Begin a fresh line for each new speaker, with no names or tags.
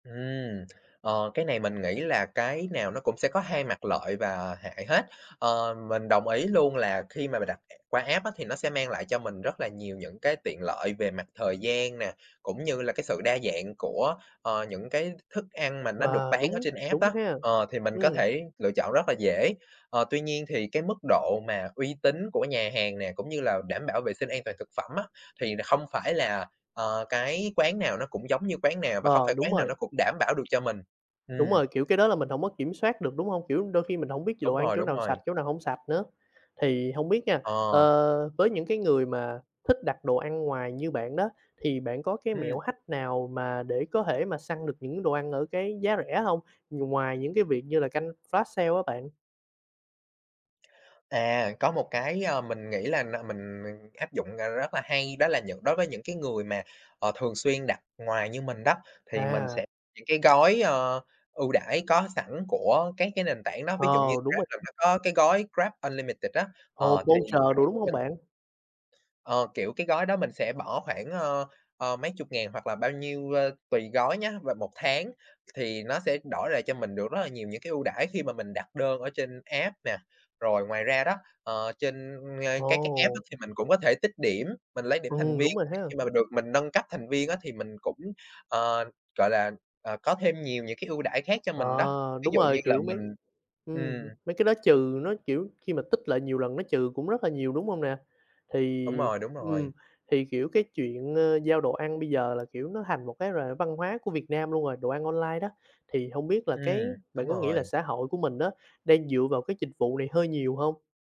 Ừm, ờ, cái này mình nghĩ là cái nào nó cũng sẽ có 2 mặt lợi và hại hết. Ờ, mình đồng ý luôn là khi mà mình đặt qua app á thì nó sẽ mang lại cho mình rất là nhiều những cái tiện lợi về mặt thời gian nè, cũng như là cái sự đa dạng của, ờ, những cái thức ăn mà nó được
Ờ,
bán ở
đúng,
trên app
đúng
á.
ha.
Ờ, thì mình có
Ừm.
thể lựa chọn rất là dễ, ờ, tuy nhiên thì cái mức độ mà uy tín của nhà hàng nè, cũng như là đảm bảo vệ sinh an toàn thực phẩm á, thì là không phải là, ờ, cái quán nào nó cũng giống như quán nào và không
Ờ,
phải
đúng
quán nào
rồi.
nó cũng đảm bảo được cho mình.
Đúng
Ừm.
rồi. Kiểu, cái đó là mình hổng có kiểm soát được, đúng hông? Kiểu, đôi khi mình hổng biết đồ
Đúng
ăn
rồi,
chỗ
đúng
nào sạch,
rồi.
chỗ nào hông sạch nữa? Thì hông biết nha,
Ờ.
ờ, với những cái người mà thích đặt đồ ăn ngoài như bạn đó, thì bạn có cái
Ừm.
mẹo hack nào mà để có thể mà săn được những đồ ăn ở cái giá rẻ hông? Nh ngoài những cái việc như là canh flash sale á bạn.
À, có một cái, ờ, mình nghĩ là n mình, ờ, áp dụng, ờ, rất là hay, đó là những đối với những cái người mà, ờ, thường xuyên đặt ngoài như mình đó, thì mình
À.
sẽ những cái gói, ờ, ưu đãi có sẵn của các cái nền tảng đó, ví dụ như
Ờ, đúng
Grab
rồi.
là nó có cái gói GrabUnlimited á,
Ồ,
ờ, thì
voucher đồ, đúng
khoảng nè
hông bạn?
ờ, kiểu, cái gói đó mình sẽ bỏ khoảng, ơ, ờ, mấy chục ngàn hoặc là bao nhiêu, ơ, tùy gói nhá và 1 tháng thì nó sẽ đổi lại cho mình được rất là nhiều những cái ưu đãi khi mà mình đặt đơn ở trên app nè. Rồi ngoài ra đó, ờ, trên, ơ, các cái app đó
Ồ!
thì mình cũng có thể tích điểm, mình lấy điểm thành
Ừm,
viên,
đúng rồi
thì
ha.
khi mà mình được mình nâng cấp thành viên á thì mình cũng, ờ, gọi là, ờ, có thêm nhiều những cái ưu đãi khác cho mình đó.
Ờ,
Ví
đúng
dụ, như
rồi.
là
Kiểu, mấy
mình
ừm,
ừm.
mấy cái đó trừ nó, kiểu, khi mà tích lại nhiều lần nó trừ cũng rất là nhiều, đúng hông nè?
Đúng
Thì,
rồi, đúng
ừm,
rồi.
thì, kiểu, cái chuyện, ơ, giao đồ ăn bây giờ là, kiểu, nó hành một cái r văn hóa của Việt Nam luôn rồi, đồ ăn online đó. Thì hông biết là
Ừm,
cái
đúng
bạn có nghĩ là
rồi.
xã hội của mình á, đang dựa vào cái dịch vụ này hơi nhiều hông?